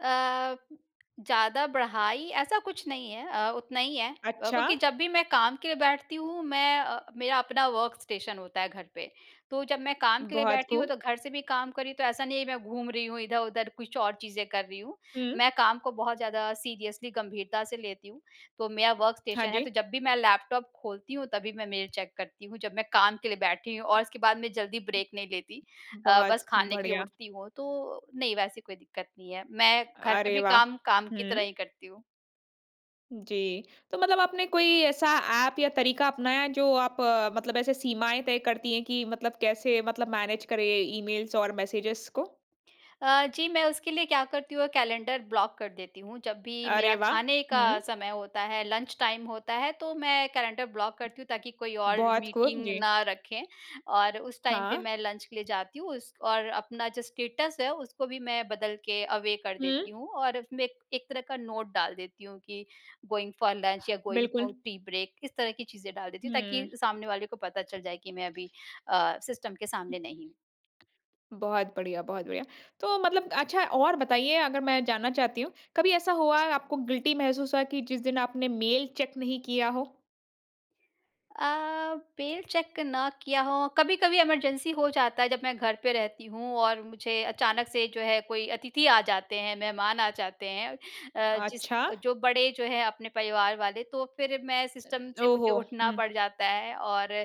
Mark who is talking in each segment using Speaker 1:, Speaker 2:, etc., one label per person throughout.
Speaker 1: अ, ज़्यादा बढ़ाई, ऐसा कुछ नहीं है अ, उतना ही है। अ,
Speaker 2: अच्छा।
Speaker 1: क्योंकि जब भी मैं काम के लिए बैठती हूँ, मैं अ, मेरा अपना वर्क़ स्टेशन होता है घर पे। तो जब मैं काम के लिए
Speaker 2: बहुत
Speaker 1: बैठी हूँ,
Speaker 2: खूब।
Speaker 1: तो घर से भी काम कर रही हूँ, तो ऐसा नहीं है, मैं घूम रही हूँ इधर-उधर, कुछ और चीज़ें कर रही हूँ।
Speaker 2: हुँ।
Speaker 1: मैं काम को बहुत ज़्यादा सीरियसली, गँभीरता से लेती हूँ। तो मेरा वर्क़
Speaker 2: हाँ
Speaker 1: स्टेशन है, तो
Speaker 2: जी।
Speaker 1: जब भी मैं लैपटॉप खोलती हूँ, तभी मैं मेल चेक करती हूँ, जब मैं काम के लिए बैठी हूँ और उसके बाद मैं जल्दी ब्रेक नहीं लेती अ, बस
Speaker 2: बहुत
Speaker 1: खाने के लिए
Speaker 2: बढ़िया।
Speaker 1: उठती हूँ। तो, नहीं, वैसी कोई दिक्कत नहीं है। मैं घर पे
Speaker 2: अरे,
Speaker 1: भी
Speaker 2: वाह!
Speaker 1: काम, काम की
Speaker 2: हुँ।
Speaker 1: तरह ही करती हूँ।
Speaker 2: जी। तो मतलब आपने कोई ऐसा ऐप या तरीका अपनाया, जो आप मतलब ऐसे सीमाएँ तय करती हैं कि मतलब कैसे मतलब मैनेज करें ईमेल्स और मैसेजेस को?
Speaker 1: अ, जी, मैं उसके लिए क्या करती हूँ, कैलेंडर ब्लॉक कर देती हूँ। जब भी मेरा
Speaker 2: अरे, वाह!
Speaker 1: खाने का
Speaker 2: हुँ।
Speaker 1: समय होता है, लंच टाइम होता है, तो मैं कैलेंडर ब्लॉक करती हूँ, ताकि कोई और
Speaker 2: बहुत खूब,
Speaker 1: मीटिंग
Speaker 2: जी।
Speaker 1: ना रखें और उस टाइम पे
Speaker 2: हाँ।
Speaker 1: मैं लंच के लिए जाती हूँ। उस और अपना जो स्टेटस है, उसको भी मैं बदल के अवे कर देती
Speaker 2: हुँ।
Speaker 1: हूँ और उसमें एक एक तरह का नोट डाल देती हूँ कि गोइंग फ़ॉर लंच या गोइंग
Speaker 2: बिल्कुल।
Speaker 1: फ़ॉर टी ब्रेक, इस तरह की चीज़ें डाल देती हूँ, ताकि
Speaker 2: हुँ।
Speaker 1: सामने वाले को पता चल जाए कि मैं अभी अ, सिस्टम के सामने नहीं हूँ।
Speaker 2: बहुत बढ़िया बहुत बढ़िया। तो मतलब अच्छा, और बताइए, अगर मैं जानना चाहती हूँ, कभी ऐसा हुआ है, आपको गिल्टी महसूस हुआ कि जिस दिन आपने मेल चेक नहीं किया हो?
Speaker 1: अ, मेल चेक ना किया हो, कभी-कभी इमरजेंसी हो जाता है, जब मैं घर पे रहती हूँ और मुझे अचानक से, जो है, कोई अतिथि आ जाते हैं, मेहमान आ जाते हैं अ, जिस
Speaker 2: अच्छा।
Speaker 1: अ, जो बड़े जो हैं, अपने परिवार वाले, तो फिर मैं सिस्टम
Speaker 2: अ,
Speaker 1: से मुझे
Speaker 2: ओहो!
Speaker 1: उठना
Speaker 2: हुँ।
Speaker 1: पड़ जाता है, और अ,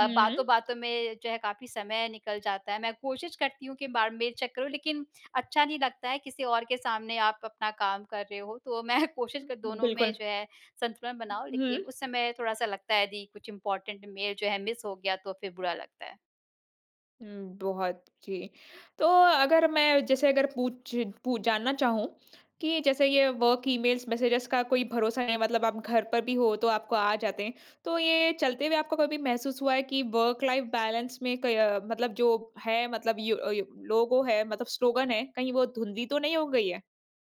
Speaker 2: हुँ।
Speaker 1: बातों-बातों में जो है, काफ़ी समय निकल जाता है। मैं कोशिश करती हूँ, कई बार मेल चेक करूँ, लेकिन अच्छा नहीं लगता है, किसी और के सामने आप अपना काम कर रहे हो। तो मैं कोशिश
Speaker 2: उ,
Speaker 1: कर
Speaker 2: हुँ।
Speaker 1: दोनों में
Speaker 2: बिल्कुल।
Speaker 1: जो है, संतुलन बनाऊँ, लेकिन
Speaker 2: हुँ।
Speaker 1: उस समय थोड़ा-सा लगता है, यदि कुछ इम्पॉर्टेन्ट मेल जो है मिस हो गया, तो फिर बुरा लगता है।
Speaker 2: हुँ, बहुत, जी। तो अगर मैं, जैसे अगर पूछ पू जानना चाहूँ कि जैसे ये वर्क़ ईमेल्स, मेसेजेस का कोई भरोसा नहीं, मतलब आप घर पर भी हो, तो आपको आ जाते हैं। तो ये चलते हुए आपको कभी महसूस हुआ है कि वर्क़ लाइफ़ बैलेंस में कई अ, मतलब जो है, मतलब यो अ, यो लोगो है, मतलब स्लोगन है, कहीं वो धुँधली तो नहीं हो गई है?